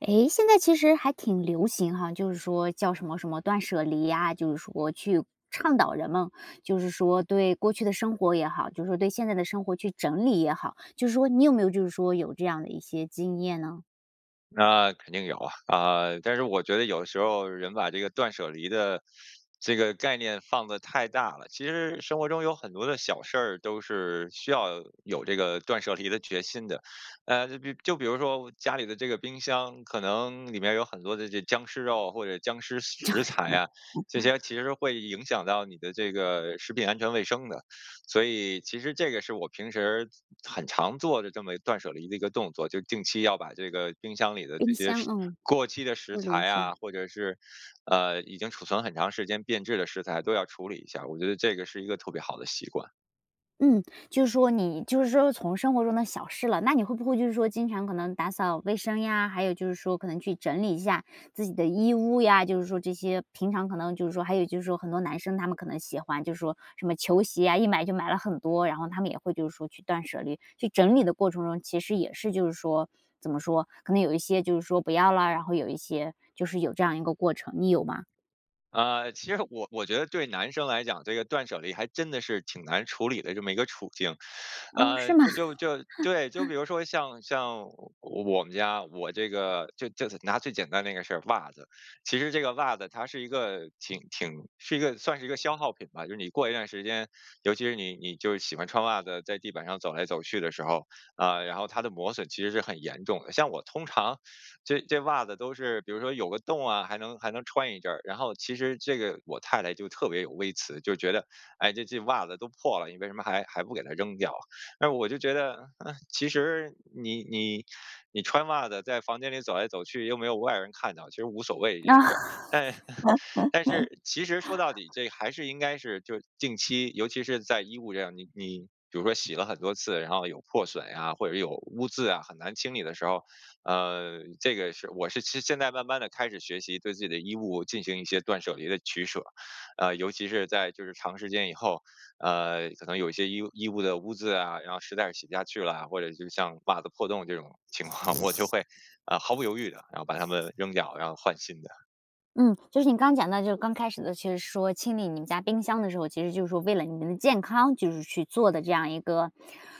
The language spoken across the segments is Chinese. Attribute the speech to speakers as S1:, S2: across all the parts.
S1: 哎，现在其实还挺流行哈，就是说叫什么什么断舍离啊，就是说去倡导人们，就是说对过去的生活也好，就是对现在的生活去整理也好，就是说你有没有就是说有这样的一些经验呢？
S2: 那肯定有啊，啊，但是我觉得有时候人把这个断舍离的 这个概念放得太大了，其实生活中有很多的小事儿都是需要有这个断舍离的决心的。呃，就比就比如说家里的这个冰箱可能里面有很多的这僵尸肉或者僵尸
S1: 僵
S2: 食材 啊，这些其实会影响到你的这个食品安全卫生的，所以其实这个是我平时很常做的这么断舍离的一个动作，就定期要把这个冰箱里的这
S1: 冰
S2: 些
S1: 箱，
S2: 食
S1: 嗯，
S2: 过期的食
S1: 处理一
S2: 材啊，
S1: 下。
S2: 或者是，呃，已经储存很长时间变质的食材都要处理一下，我觉得这个是一个特别好的习惯。
S1: 嗯，就是说你就是说从生活中的小事了，那你会不会就是说经常可能打扫卫生呀，还有就是说可能去整理一下自己的衣物呀，就是说这些平常可能就是说还有就是说很多男生，他们可能喜欢就是说什么球鞋呀，一买就买了很多，然后他们也会就是说去断舍离，去整理的过程中，其实也是就是说怎么说，可能有一些就是说不要了，然后有一些就是有这样一个过程，你有吗？
S2: 呃，其实我我觉得对男生来讲，这个断舍离还真的是挺难处理的这么一个处境。
S1: 哦，
S2: 呃，
S1: 是吗？
S2: 就就就，对，就 比如说像像我我们家，我这个就就是拿最简单的那个事儿，袜子，其实这个袜子它是一个挺挺是一个算是一个消耗品吧。就是你过一段时间，尤其是你你就喜欢穿袜子，在地板上走来走去的时候，啊，然后它的磨损其实是很严重的。像我通常这这袜子都是比如说有个洞啊，还能还能穿一阵儿，然后其实这个我太太就特别有微词，就觉得哎，这这袜子都破了，你为什么还还不给它扔掉啊？但是我就觉得，嗯，其实你你你穿袜子在房间里走来走去，又没有外人看到其实无所谓一件
S1: 啊。
S2: 事儿。但 但是其实说到 底，这还是应该是就近期，尤其是在衣物这样你你比如说洗了很多次，然后有破损呀，或者有污渍啊，很难清理的时候，呃，这个是我是现在慢慢地开始学习对自己的衣物进行一些断舍离的取舍，呃，尤其是在就是长时间以后，呃，可能有一些衣衣物的污渍啊，然后实在是洗不下去啦，或者是像袜子破洞这种情况，我就会，啊，毫不犹豫的，然后把它们扔掉，然后换新的。
S1: 嗯，就是你刚讲到就是刚开始的其实是说清理你们家冰箱的时候，其实就是说为了你们的健康就是去做的这样一个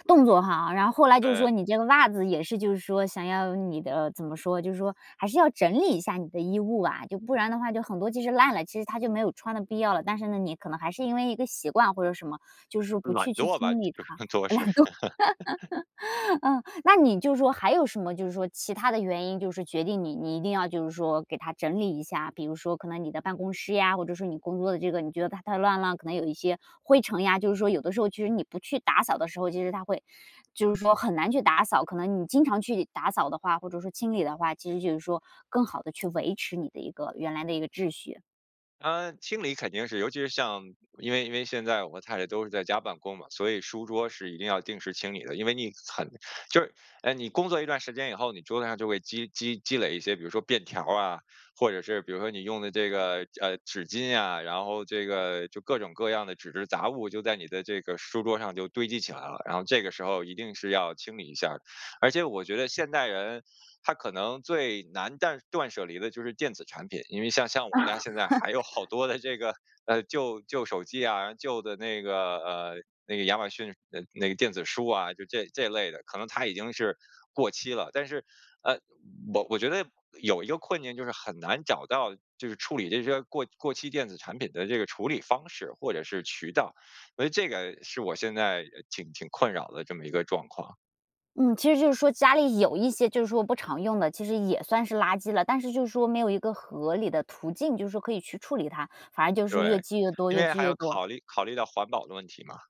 S1: 动作哈，然后后来就是说
S2: 对。
S1: 你这个袜子也是就是说想要你的怎么说，就是说还是要整理一下你的衣物吧，就不然的话就很多其实烂了，其实它就没有穿的必要了。但是呢你可能还是因为一个习惯或者什么，就是说不
S2: 懒
S1: 去去
S2: 惰吧，
S1: 清理
S2: 就是，
S1: 它，
S2: 主要事。
S1: 懒惰。呃，那你就是说还有什么就是说其它的原因就是决定你你一定要就是说给它整理一下？比如说可能你的办公室呀，或者说你工作的这个你觉得它太乱了，可能有一些灰尘呀，就是说有的时候其实你不去打扫的时候，其实它会就是说很难去打扫，可能你经常去打扫的话，或者说清理的话，其实就是说更好地去维持你的一个原来的一个秩序。
S2: 呃，清理肯定是尤其是像因为因为现在我太太都是在家办公嘛，所以书桌是一定要定时清理的。因为那很就是，哎，你工作一段时间以后，你桌子上就会积积积累一些，比如说便条儿啊，或者是比如说你用的这个，呃，纸巾啊，然后这个就各种各样的纸质杂物就在你的这个书桌上就堆积起来了，然后这个时候一定是要清理一下儿。而且我觉得现代人他可能最难断断舍离的就是电子产品，因为像像我家现在
S1: 啊。
S2: 还有好多的这个，呃，旧旧手机啊，旧的那个呃，那个亚马逊的那个电子书啊，就这这类的，可能它已经是过期了，但是，呃，我我觉得有一个困境就是很难找到就是处理这些过过期电子产品的这个处理方式或者是渠道，呃，所以这个是我现在挺挺困扰的这么一个状况。
S1: 嗯，其实就是说家里有一些就是说不常用的，其实也算是垃圾了，但是就是说没有一个合理的途径，就是说可以去处理它，反而就是越
S2: 对，
S1: 积越多
S2: 因
S1: 越
S2: 为
S1: 积
S2: 还要
S1: 越多。
S2: 考虑考虑到环保的问题嘛。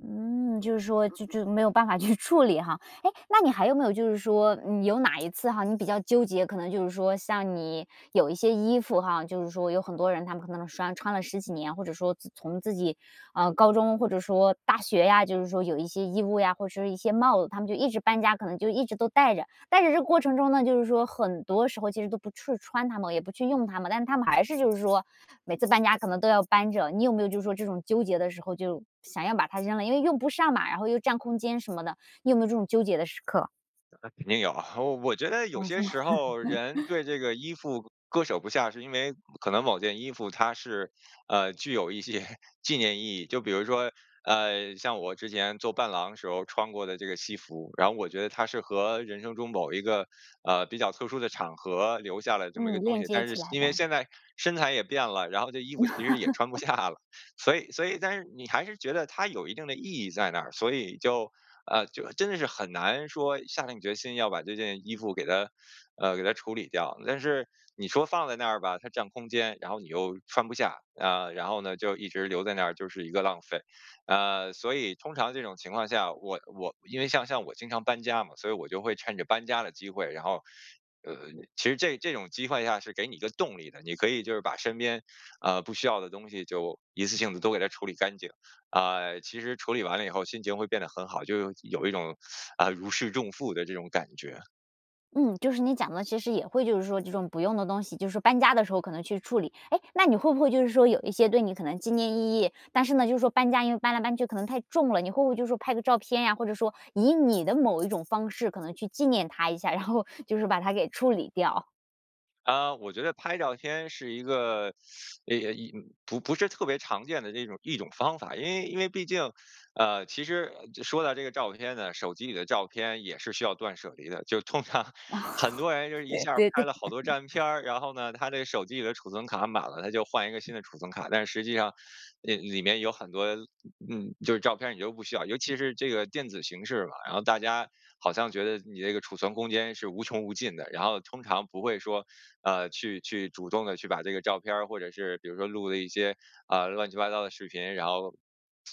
S1: 嗯，就是说就就没有办法去处理哈。哎，那你还有没有就是说，嗯，有哪一次哈，你比较纠结，可能就是说像你有一些衣服哈，就是说有很多人他们可能穿-穿了十几年，或者说自从自己，啊，高中或者说大学呀，就是说有一些衣物呀，或者是一些帽子，他们就一直搬家，可能就一直都带着。但是这过程中呢，就是说很多时候其实都不去穿它们，也不去用它们，但他们还是就是说每次搬家可能都要搬着，你有没有就是说这种纠结的时候，就想要把它扔了？因为用不上嘛，然后又占空间什么的。你有没有这种纠结的时刻？
S2: 那肯定有啊，我我觉得有
S1: 啊，是
S2: 些
S1: 吗？
S2: 时候人对 这个衣服割舍不下，是因为可能某件衣服它是，呃，具有一些纪念意义，就比如说，呃，像我之前做伴郎时候穿过的这个西服，然后我觉得它是和人生中某一个，呃，比较特殊的场合留下了这么一个
S1: 嗯，
S2: 东
S1: 链
S2: 西，
S1: 接
S2: 但是
S1: 起来
S2: 因为
S1: 的。
S2: 现在身材也变了，然后这衣服其实也穿不 下了，所以所以但是你还是觉得它有一定的意义在那儿，所以就，呃，就真的是很难说下定决心要把这件衣服给它，呃，给它处理掉。但是你说放在那儿吧，它占空间，然后你又穿不下，呃，然后呢，就一直留在那儿就是一个浪费。呃，所以通常这种情况下，我我因为像像我经常搬家嘛，所以我就会趁着搬家的机会，然后，呃，其实这这种机会下是给你一个动力的，你可以就是把身边，呃，不需要的东西就一次性地都给它处理干净。啊，其实处理完了以后，心情会变得很好，就有有一种，啊，如释重负的这种感觉。
S1: 嗯，就是你讲得其实也会就是说这种不用的东西，就是搬家的时候可能去处理。哎，那你会不会就是说有一些对你可能纪念意义，但是呢，就是说搬家因为搬来搬去可能太重了，你会不会就是说拍个照片呀，或者说以你的某一种方式可能去纪念它一下，然后就是把它给处理掉？
S2: 啊，我觉得拍照片是一个 诶呃，一不不是特别常见的一种一种方法，因为因为毕竟呃，其实就说到这个照片呢，手机里的照片也是需要断舍离的，就通常
S1: 哦。
S2: 很多人就一
S1: 对
S2: 下儿
S1: 对
S2: 拍
S1: 对。
S2: 了好多照片儿，然后呢，他这手机里的储存卡满了，他就换一个新的储存卡，但实际上里里面有很多，嗯，就是照片儿你都不需要。尤其是这个电子形式吧，然后大家好像觉得你这个储存空间是无穷无尽的，然后通常不会说，呃，去去主动地去把这个照片儿或者是比如说录的一些，呃，乱七八糟的视频，然后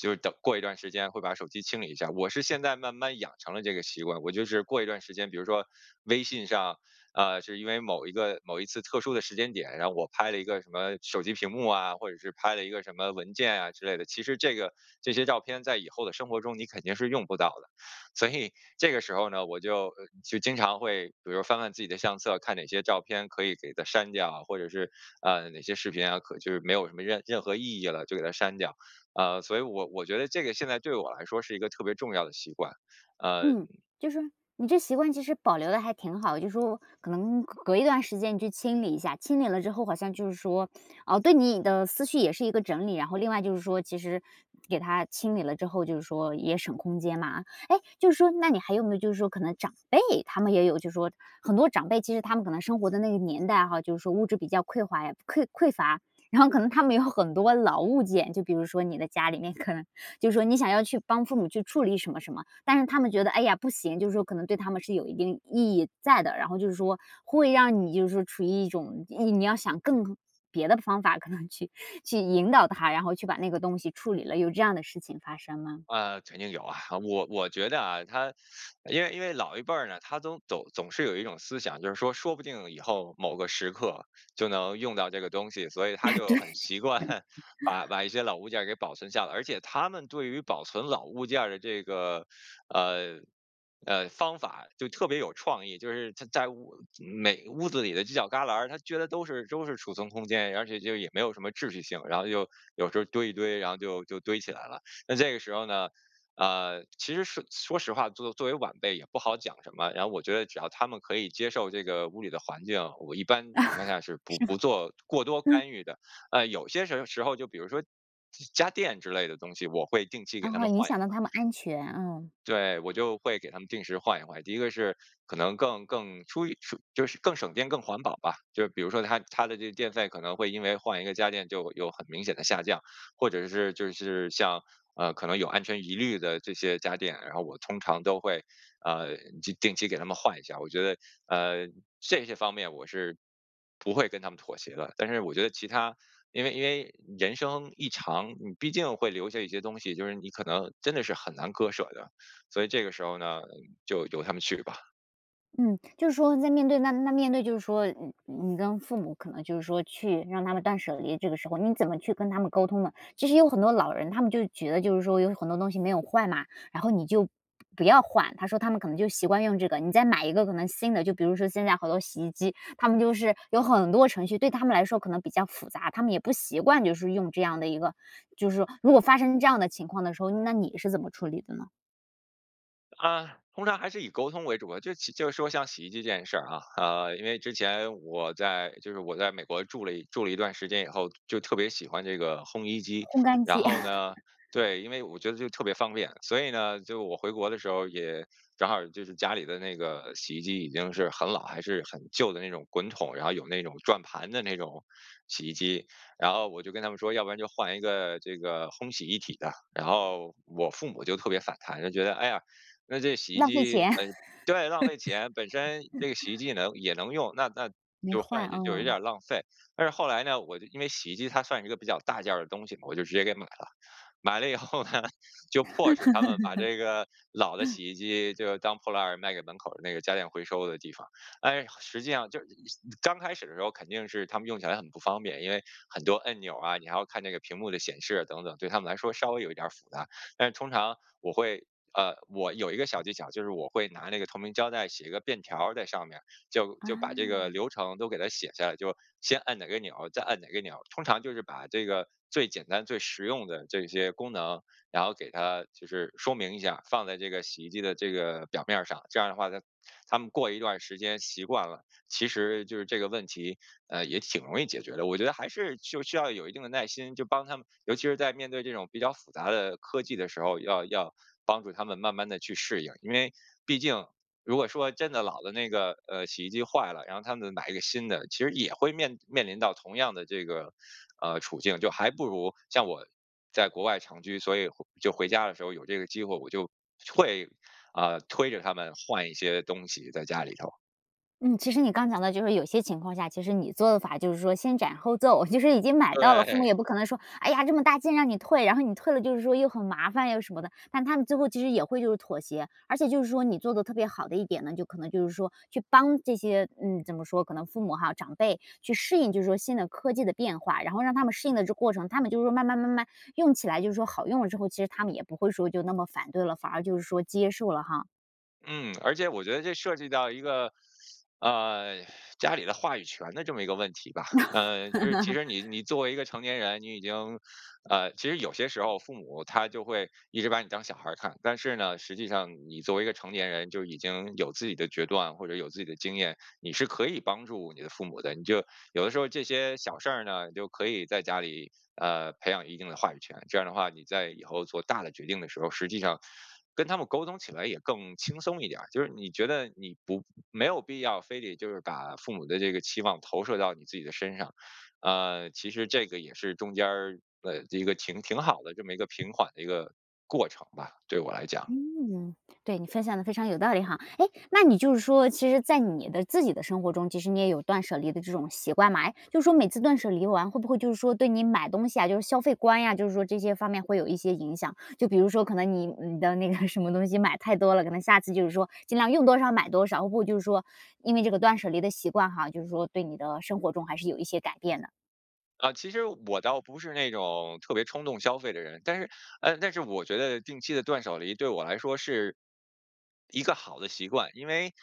S2: 就等过一段时间会把手机清理一下。我是现在慢慢养成了这个习惯，我就是过一段时间，比如说微信上，啊，是因为某一个某一次特殊的时间点，然后我拍了一个什么手机屏幕啊，或者是拍了一个什么文件啊之类的。其实这个这些照片在以后的生活中你肯定是用不到的。所以这个时候呢，我就就经常会比如说翻翻自己的相册，看哪些照片可以给它删掉，或者是，啊，哪些视频啊，可就是没有什么任任何意义了，就给它删掉，啊，所以我我觉得这个现在对我来说是一个特别重要的习惯。嗯。
S1: 嗯，就是你这习惯其实保留得还挺好，就说可能隔隔一段时间去清理一下，清理了之后好像就是说，哦，对你的思绪也是一个整理，然后另外就是说其实给它清理了之后，就是说也省空间嘛。诶，就是说那你还有没有就是说可能长辈，他们也有就是说很多长辈，其实他们可能生活的那个年代，哈，就是说物质比较匮乏呀，匮匮乏，然后可能他们有很多老物件，就比如说你的家里面可能就说你想要去帮父母去处理什么什么，但是他们觉得：“哎呀，不行。”就是说可能对他们是有一定意义在的，然后就是说会让你就是说处于一种，你要想更别的方法可能去去引导他，然后去把那个东西处理了，有这样的事情发生吗？
S2: 呃，肯定有啊，我我觉得啊，他 因为因为老一辈儿呢，他都总总是有一种思想，就是说说不定以后某个时刻就能用到这个东西，所以他
S1: 哎，
S2: 就
S1: 对。
S2: 很习惯把 把一些老物件儿给保存下来，而且他们对于保存老物件儿的这个，呃，呃，方法就特别有创意，就是他在屋每屋子里的犄角旮旯儿，他觉得都是都是储存空间，而且就也没有什么秩序性，然后就有时候堆一堆，然后就就堆起来了。那这个时候呢，呃，其实说说实话作作为晚辈也不好讲什么，然后我觉得只要他们可以接受这个屋里的环境，我一般情况下 是不
S1: 是吗？
S2: 不做过多
S1: 嗯。
S2: 干预的，呃，有些时时候就比如说家家电之类的东西，我会定期给
S1: 然
S2: 他
S1: 后
S2: 们
S1: 影
S2: 换一
S1: 响
S2: 换。
S1: 到他们安全。嗯。
S2: 对，我就会给他们定时换一换。第一个是可能更更出于出就是更省电更环保吧，就比如说它它的这个电费可能会因为换一个家电就有很明显的下降，或者是就是像，呃，可能有安全疑虑的这些家电，然后我通常都会，呃，就定期给他们换一下，我觉得，呃，这些方面我是不会跟他们妥协的。但是我觉得其它因为因为人生一长，你毕竟会留下一些东西，就是你可能真的是很难割舍的，所以这个时候呢，就由他们去吧。
S1: 嗯。就是说在面对那那面对就是说你你跟父母可能就是说去让他们断舍离，这个时候你怎么去跟他们沟通呢？其实有很多老人，他们就是觉得就是说有很多东西没有坏嘛，然后你就不不要换，他说他们可能就习惯用这个。你再买一个可能新的，就比如说现在好多洗衣机，它们就是有很多程序，对他们来说可能比较复杂，他们也不习惯就是用这样的一个就是说如果发生这样的情况的时候，那你是怎么处理的呢？
S2: 啊，通常还是以沟通为主啊，就其就是说像洗衣机这件事儿啊，啊，因为之前我在就是我在美国住了一住了一段时间以后，就特别喜欢这个烘衣机。
S1: 烘干
S2: 然
S1: 机。
S2: 后呢 对，因为我觉得就特别方便。所以呢，就我回国的时候，也正好就是家里的那个洗衣机已经是很老，还是很旧的那种滚筒，然后有那种转盘的那种洗衣机。然后我就跟他们说要不然就换一个这个烘洗一体的，然后我父母就特别反弹，就觉得：“哎呀，那这洗衣
S1: 浪费
S2: 机
S1: 钱。
S2: 本对，浪费钱，本身这个洗衣 机也能也能用，那那
S1: 没
S2: 就换
S1: 坏。
S2: 下去就有点
S1: 嗯。
S2: 儿浪费。“但是后来呢，我就因为洗衣机它算是一个比较大件儿的东西嘛，我就直接给买了。买了以后呢，就迫使他们把这个老的 洗衣机就当破烂儿卖给门口的那个家电回收的地方。哎呀，实际上就是刚开始的时候肯定是他们用起来很不方便，因为很多按钮啊，你还要看那个屏幕的显示等等，对他们来说稍微有一点儿复杂。但是通常我会呃，我有一个小技巧，就是我会拿那个透明胶带写一个便条儿在上面，就就把
S1: 啊。
S2: 这个流程都给它写下来，就先按哪个钮，再按哪个钮，通常就是把这个最简单最实用的这些功能，然后给它就是说明一下，放在这个洗衣机的这个表面儿上。这样的话他他们过一段儿时间习惯了，其实就是这个问题，呃，也挺容易解决的。我觉得还是就需要有一定的耐心，就帮他们尤其是在面对这种比较复杂的科技的时候，要要帮助他们慢慢地去适应，因为毕竟如果说真的老了那个，呃，洗衣机坏了，然后他们买一个新的，其实也会面面临到同样的这个，呃，处境，就还不如像我在国外长居，所以回就回家的时候有这个机会，我就会，啊，推着他们换一些东西在家里头。
S1: 嗯，其实你刚讲到就是有些情况下，其实你做的法，就是说先斩后奏，就是已经买到了，父母
S2: 对。
S1: 也不可能说，哎呀，这么大劲让你退，然后你退了就是说，又很麻烦又什么的。但他们最后其实也会就是妥协。而且就是说你做得特别好的一点呢，就可能就是说去帮这些嗯，怎么说，可能父母哈长辈，去适应就是说新的科技的变化。然后让他们适应的这个过程，他们就说慢慢慢慢用起来就是说好用了之后，其实他们也不会说就那么反对了，反而就是说接受了哈。
S2: 嗯，而且我觉得这涉及到一个，呃，家里的话语权的这么一个问题吧。呃，就是其 实你你作为一个成年人，你已经呃，其实有些时候父母他就会一直把你当小孩看。但是呢，实际上你作为一个成年人就已经有自己的决断，或者有自己的经验。你是可以帮助你的父母的，你就有的时候这些小事呢，你就可以在家里，呃，培养一定的话语权。这样的话，你在以后做大的决定的时候，实际上，跟他们沟通起来也更轻松一点儿。就是你觉得你不没有必要，非得就是把父母的这个期望投射到你自己的身上。呃，其实这个也是中间儿的一个挺挺好的这么一个平缓的一个过程吧，对我来讲。
S1: 嗯。对，你分享的非常有道理哈。哎，那你就是说其实在你的自己的生活中，其实你也有断舍离的这种习惯嘛。哎，就是说每次断舍离完，会不会就是说，对你买东西啊，就是消费观呀，就是说这些方面会有一些影响？就比如说可能你嗯，你的那个什么东西买太多了，可能下次就是说，尽量用多少买多少，不就是说因为这个断舍离的习惯哈，就是说对你的生活中还是有一些改变的。
S2: 啊，其实我倒不是那种特别冲动消费的人。但是哎，但是我觉得定期的断舍离对我来说是，一个好的习惯。因为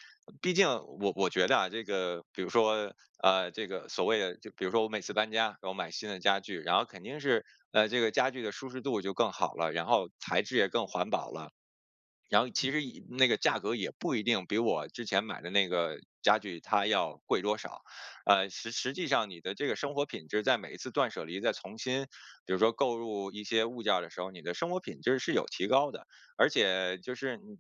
S2: 毕竟我我觉得啊，这个比如说，呃，这个所谓的就比如说我每次搬家，给我买新的家具。然后肯定是，呃，这个家具的舒适度就更好了，然后材质也更环保了。然后其实一那个价格也不一定比我之前买的那个家具，它要贵多少。呃，实实际上你的这个生活品质在每一次断舍离再重新，比如说购入一些物件儿的时候，你的生活品质是有提高的。而且就是，你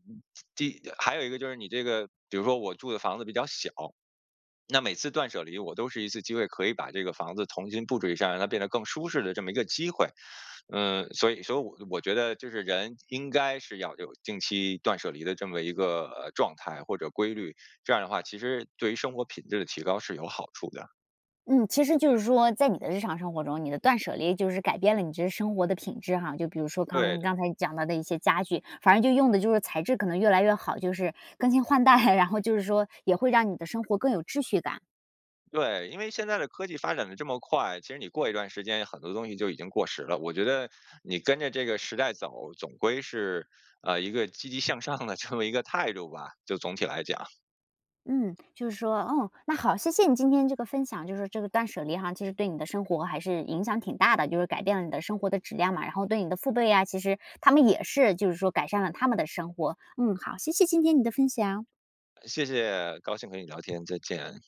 S2: 你这还有一个就是你这个，比如说我住的房子比较小，那每次断舍离我都是一次机会，可以把这个房子重新布置一下，让它变得更舒适的这么一个机会。嗯，所以所以我我觉得就是人应该是要有定期断舍离的这么一个，呃，状态或者规律，这样的话其实，对于生活品质的提高是有好处的。
S1: 嗯，其实就是说在你的日常生活中，你的断舍离就是改变了你这生活的品质哈。就比如说刚
S2: 对的。
S1: 刚才讲到的一些家具，反正就用的就是材质可能越来越好，就是更新换代。然后就是说也会让你的生活更有秩序感。
S2: 对，因为现在的科技发展得这么快，其实你过一段时间很多东西就已经过时了。我觉得你跟着这个时代走，总归是，呃，一个积极向上的这么一个态度吧，就总体来讲。
S1: 嗯，就是说哦，那好，谢谢你今天这个分享，就是这个断舍离哈，其实对你的生活还是影响挺大的，就是改变了你的生活的质量嘛。然后对你的父辈呀，其实他们也是，就是说改善了他们的生活。嗯，好，谢谢今天你的分享。
S2: 谢谢，高兴跟你聊天，再见。